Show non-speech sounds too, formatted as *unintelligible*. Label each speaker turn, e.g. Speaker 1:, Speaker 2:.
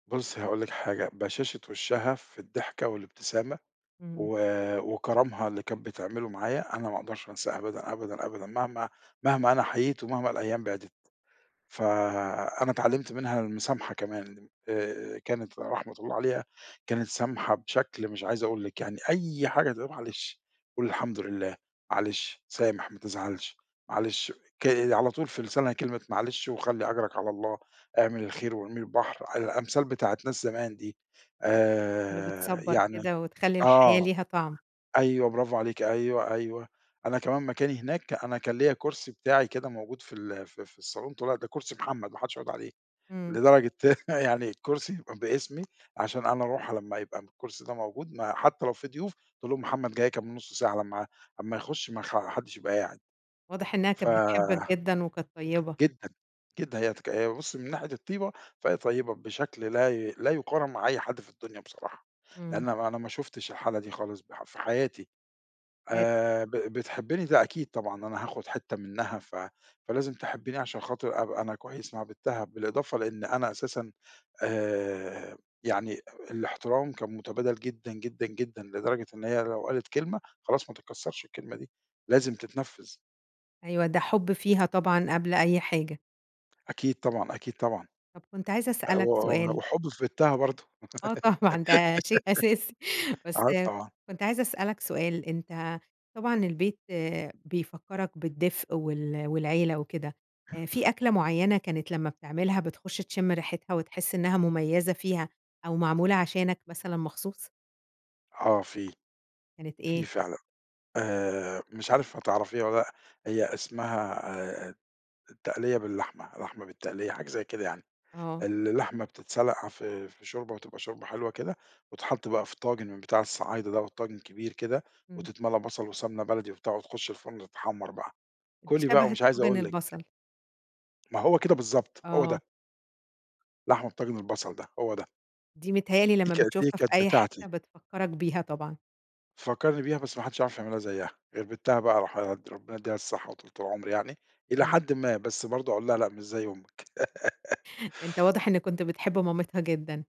Speaker 1: بُصي هاقول لِك، حاجة بَشاشة وِشَّها في الضحكة والابتسامة
Speaker 2: إمم.
Speaker 1: و وكرمها اللي كانت بتعمله معايا أنا ما أقدرش أنساه أبدًا، أبدًا، أبدًا مهما مهما أنا حَيِيت ومهما الأيام بعْدِت، فأنا اِتعلمت منها المُسامْحة كمان، آآ، كانت رحمة الله عليها كانت سامْحة بشكل مش عايز أقول لِك، يعني أي حاجة تقول: "معلش قُل الحمد لله، معلش، سامح ما تزعلش، معْلِش ك" على طول في لِسانْها كلمة معلش وخلِّ أجْرك على الله اعمل الخير وارميه البحر، آآ، الأمثال بتاعة ناس زمان دي،
Speaker 2: اللي
Speaker 1: آآ،
Speaker 2: بتْصبَّر
Speaker 1: يعني
Speaker 2: كده وتخلّي الحياة
Speaker 1: آه
Speaker 2: ليها طَعم.
Speaker 1: أيوه، برافو عليكِ أيوه، أيوه، أنا كمان مكاني هناك، أنا كان ليّا كرسي بتاعي كده موجود في ال في في الصالون، تقول لك: "ده كرسي محمد، ما حدش يقعد عليه."
Speaker 2: إمم.
Speaker 1: لدرجة *chuckles* يعني الكُرسي يبقى باسمي عشان أنا أروْح لمّا يبقى الكُرْسي ده موجود ما حتى لو في ضيوف، تقول لهم: "محمد جاي كمان نُص ساعة لمّا أمَا يِخُش ما خ حدش يبقى قاعد."
Speaker 2: واضح إنها
Speaker 1: ف
Speaker 2: كانت بتحبك جدًا وكانت طيبة.
Speaker 1: جدًا، جدًا، هي تك هي بُصي من ناحية الطيْبة فهي طيّبة بشكل لا ي لا يُقارن مع أي حد في الدنيا بصراحة،
Speaker 2: إمم.
Speaker 1: لأن أنا ما شُفتش الحالة دي خالص ب في حياتي،
Speaker 2: *unintelligible*
Speaker 1: آآ ب بتحبّني ده أكيد طبعًا، أنا هاخد حتّة منها ف فلازم تحبّني عشان خاطر أبقى أنا كويس مع بنْتها، بالإضافة لإن أنا أساسًا آآ يعني أ الاحترام كان متبادل جدًا، جدًا، جدًا لدرجة إن هي لو قالت كلمة خلاص ما تتْكسَّرش الكلمة دي، لازم تتْنفِّذ.
Speaker 2: أيوه، ده حُب فيها طبعًا قبل أي حاجة.
Speaker 1: أكيد طبعًا، أكيد طبعًا،
Speaker 2: طَب كنت عايزة
Speaker 1: آآ،
Speaker 2: أسألك
Speaker 1: و و
Speaker 2: سؤال
Speaker 1: وحُبّي في بنْتها برضه
Speaker 2: آه، طبعًا ده شيء أساسي.
Speaker 1: *laughs*
Speaker 2: بس
Speaker 1: آه طبعًا.
Speaker 2: كنت عايزة أسألك سؤال، أنت طبعًا البيت بيفكَّرك بِالدِفْء وال والعيلة وكده، آآ،
Speaker 1: *chuckles*
Speaker 2: في أكْلة مُعينة كانت لمًا بتعملها بتخُش تِشِم ريحِتْها وتحس إنها مميزة فيها أو معْموْلة عشانك مثلًا مخصوص؟
Speaker 1: آه في،
Speaker 2: كانت
Speaker 1: في
Speaker 2: إيه؟
Speaker 1: فعلًا، آآ مش عارف هتعرفيها والّا لأ، هي اسمها آآ، آآ التقْلِيّة باللحمة، لحمة بالتقْلِيّة حاجة زي كده يعني،
Speaker 2: آه.
Speaker 1: ال اللحمة بتتْسلق في في شوربة وتبقى شوربة حلوة كده وتتحط بقى في طاجِن من بتاع الصعايدة، دوَّة طاجِن كبير كده
Speaker 2: إمم.
Speaker 1: وتتْمَلى بصل وسمنة بلدي وبتاع وتخُش الفرن تتحمَّر بقى،
Speaker 2: دي
Speaker 1: كُلي بقى
Speaker 2: شَبَه
Speaker 1: ومش عايز
Speaker 2: الطاجِن
Speaker 1: أقول لِك.
Speaker 2: البصل.
Speaker 1: ما هو كده بالضبط، هو ده.
Speaker 2: آه.
Speaker 1: لحمة طاجِن البصل ده، هو ده.
Speaker 2: دي متهيّأ لي
Speaker 1: دي
Speaker 2: لمًا
Speaker 1: كانت إيه،
Speaker 2: بتشوفها في
Speaker 1: كانت
Speaker 2: أي
Speaker 1: بتاعتي.
Speaker 2: حتّة، بتفكَّرك بيها طبعًا.
Speaker 1: فكَّرني بيها بس ما حدش يعرف يعملها زيَّها، غير بنْتها بقى راحد ربّنا يديها الصحة وطوْلِة العمر يعني، إلى
Speaker 2: إمم.
Speaker 1: حدٍ ما بس برضه أقول لها: "لأ مش زي أُمِّك."
Speaker 2: أنت
Speaker 1: *laughs*
Speaker 2: واضح إن كنت بتحب مامِتْها جدًا.